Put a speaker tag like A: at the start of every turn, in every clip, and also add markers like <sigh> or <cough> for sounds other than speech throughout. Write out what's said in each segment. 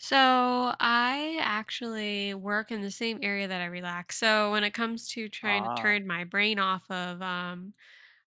A: So, I actually work in the same area that I relax. So, when it comes to trying to
B: Ah.
A: turn my brain off of, um,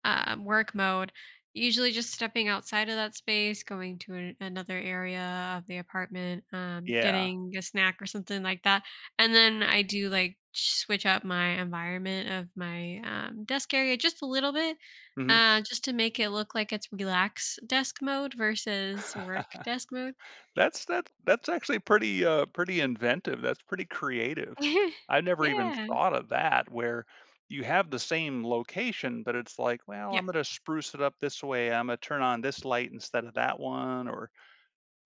A: um, work mode, usually just stepping outside of that space, going to an another area of the apartment, um,
B: Yeah.
A: getting a snack or something like that. And, then, I do, like, sh switch up my environment of my, um, desk area just a little bit,
B: Mhm.
A: uh, just to make it look like it's relax desk mode versus work desk mode.
B: <laughs> That's that that's actually pretty, uh, pretty inventive, that's pretty creative.
A: <laughs>
B: I never even
A: Yeah.
B: thought of that where you have the same location, but it's like, "Well,
A: Yep.
B: I'm gonna spruce it up this way. Imma turn on this light instead of that one." Or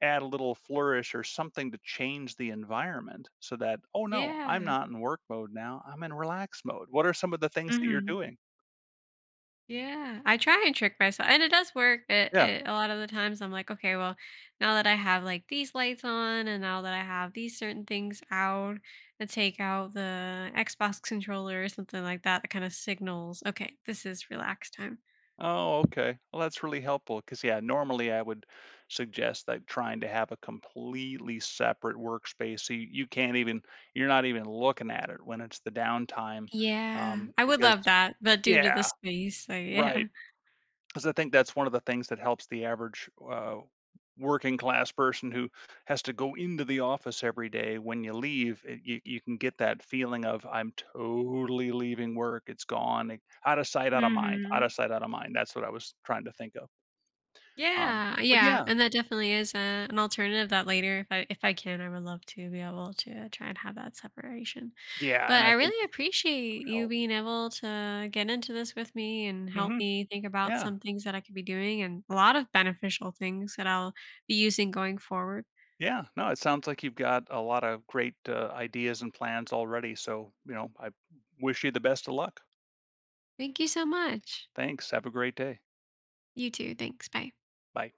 B: add a little flourish or something to change the environment so that, "Oh, no, I'm
A: Yeah.
B: not in work mode now, I'm in relax mode." What are some of the things that you're
A: Mhm.
B: doing?
A: Yeah. I try and trick mys and it does work, i i
B: Yeah.
A: a lot of the times I'm like, "Okay, well, now that I have, like, these lights on and now that I have these certain things out let's take out the Xbox controller," or something like that, that kind of signals, "Okay, this is relax time."
B: Oh, okay. Well, that's really helpful 'cause, yeah, normally, I would suggest, like, trying to have a completely separate workspace so you you can't even you're not even looking at it when it's the downtime,
A: Yeah.
B: um,
A: I would
B: because
A: love that, but due to the
B: yeah.
A: space, I yeah.
B: Right. 'Cause I think that's one of the things that helps the average, uh, working class person who has to go into the office every day. When you leave e you you can get that feeling of, "I'm totally leaving work, it's gone." I out of sight, out of mind. Out of
A: Mhm.
B: sight, of mind. That's what I was trying to think of. Um,
A: Yeah,
B: but
A: yeah.
B: yeah.
A: And that definitely is a an alternative that later if I if I can, I would love to be able to try and have that separation.
B: Yeah, and
A: But
B: I
A: I
B: think
A: really
B: it would
A: appreciate you
B: help.
A: being able to get into this with me and help
B: Mhm,
A: me think about
B: yeah.
A: some things that I could be doing and a lot of beneficial things that I'll be using going forward.
B: Yeah, no, it sounds like you've got a lot of great, uh, ideas and plans already, so, you know, I w wish you the best of luck.
A: Thank you so much.
B: Thanks, have a great day.
A: You too. Thanks. Bye.
B: Bye.